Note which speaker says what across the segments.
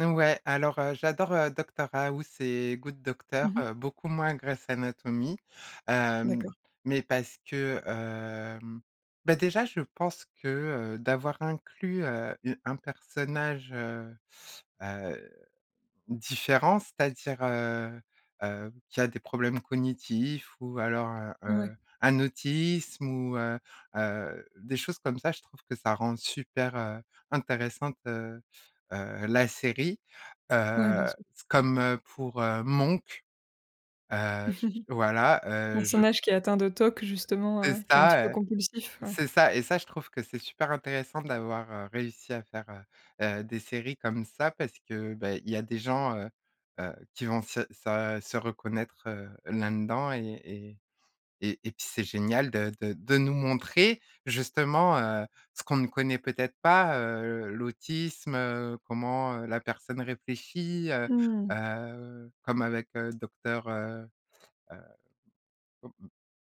Speaker 1: Ouais, alors, heu, j'adore, heu, Doctor House et Good Doctor,
Speaker 2: Mmh mh.
Speaker 1: heu, beaucoup moins Grey's Anatomy, hem,
Speaker 2: D'accord.
Speaker 1: mais parce que, hem, bah, déjà je pense que, heu, d'avoir inclus, heu, u un personnage, heu heu, différent. C'est-à-dire, heu heu, qui a des problèmes cognitifs ou alors, heu
Speaker 2: Ouais.
Speaker 1: heu, un autisme ou, heu heu, des choses comme ça. Je trouve que ça rend super, heu, intéressante, heu heu, la série,
Speaker 2: Ouais, bien
Speaker 1: heu,
Speaker 2: sûr.
Speaker 1: comme pour, heu, Monk. Heu j j voilà, heu, je
Speaker 2: Personnage qui est atteint de TOC justement,
Speaker 1: C'est
Speaker 2: heu, qui est un petit peu
Speaker 1: ça, heu
Speaker 2: compulsif, ouais.
Speaker 1: c'est ça et ça, je trouve que c'est super intéressant d'avoir, heu, réussi à faire, heu heu des séries comme ça parce que, bah, il y a des gens, heu heu, qui vont se se se reconnaître, heu, là-dedans et et et puis c'est génial de de de nous montrer, justement, heu, ce qu'on ne connaît peut-être pas, heu, l'autisme, heu, comment, heu, la personne réfléchit, heu
Speaker 2: Mmh.
Speaker 1: heu, comme avec Docteur, heu heu mmh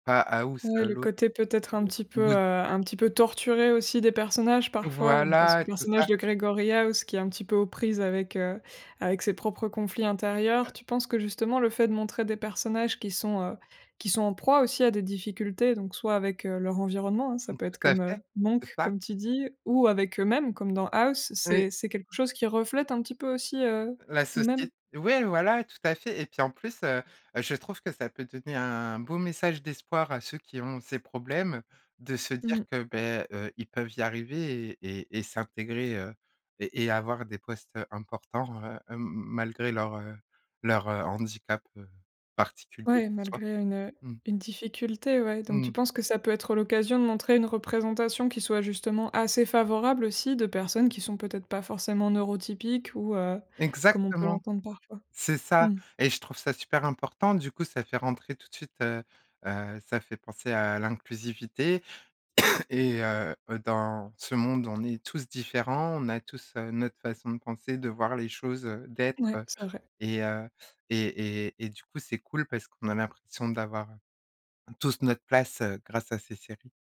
Speaker 1: pas House
Speaker 2: Ouais, le
Speaker 1: l'autre,
Speaker 2: côté peut-être un petit peu, heu
Speaker 1: Good.
Speaker 2: un petit peu torturé aussi des personnages parfois donc on pense au
Speaker 1: Voilà, tout
Speaker 2: personnage
Speaker 1: ça.
Speaker 2: de Gregory House qui est un petit peu aux prises avec, heu avec ses propres conflits intérieurs.
Speaker 1: Heu
Speaker 2: Tu penses que justement le fait de montrer des personnages qui sont, heu qui sont en proie aussi à des difficultés donc soit avec, heu, leur environnement hein, ça
Speaker 1: Mmh
Speaker 2: peut être
Speaker 1: tout à fait,
Speaker 2: comme
Speaker 1: c'est
Speaker 2: Monk,
Speaker 1: ça.
Speaker 2: comme tu dis, ou avec eux-mêmes, comme dans House,
Speaker 1: Oui.
Speaker 2: c'est c'est quelque chose qui reflète un petit peu aussi, heu,
Speaker 1: La
Speaker 2: nous-mêmes?
Speaker 1: socié ouais, voilà, tout à fait et puis en plus, heu heu je trouve que ça peut donner un beau message d'espoir à ceux qui ont ces problèmes. De se
Speaker 2: Mmh.
Speaker 1: dire que, beh, heu, ils peuvent y arriver et et et s'intégrer, heu, et et avoir des postes, heu, importants, heu hem malgré leur, heu leur handicap, heu, particulier qu'ils
Speaker 2: Ouais,
Speaker 1: soient,
Speaker 2: malgré une, heu
Speaker 1: mmh.
Speaker 2: une difficulté, ouais
Speaker 1: Mmh
Speaker 2: donc tu
Speaker 1: mh.
Speaker 2: penses que ça peut être l'occasion de montrer une représentation, qui soit justement assez favorable aussi de personnes, qui sont peut-être pas forcément neurotypiques? Ou, heu, comme on peut
Speaker 1: Exactement.
Speaker 2: l'entendre parfois,
Speaker 1: C'est ça
Speaker 2: mmh.
Speaker 1: et je trouve ça super important. Du coup ça fait rentrer tout de suite, heu heu ça fait penser à l'inclusivité et, heu heu dans ce monde on est tous différents. On a tous notre façon de penser, de voir les choses, d'être,
Speaker 2: Ouais,
Speaker 1: heu,
Speaker 2: c'est vrai.
Speaker 1: et heu et et et du coup c'est cool, parce qu'on a l'impression d'avoir tous notre place, heu, grâce à ces séries.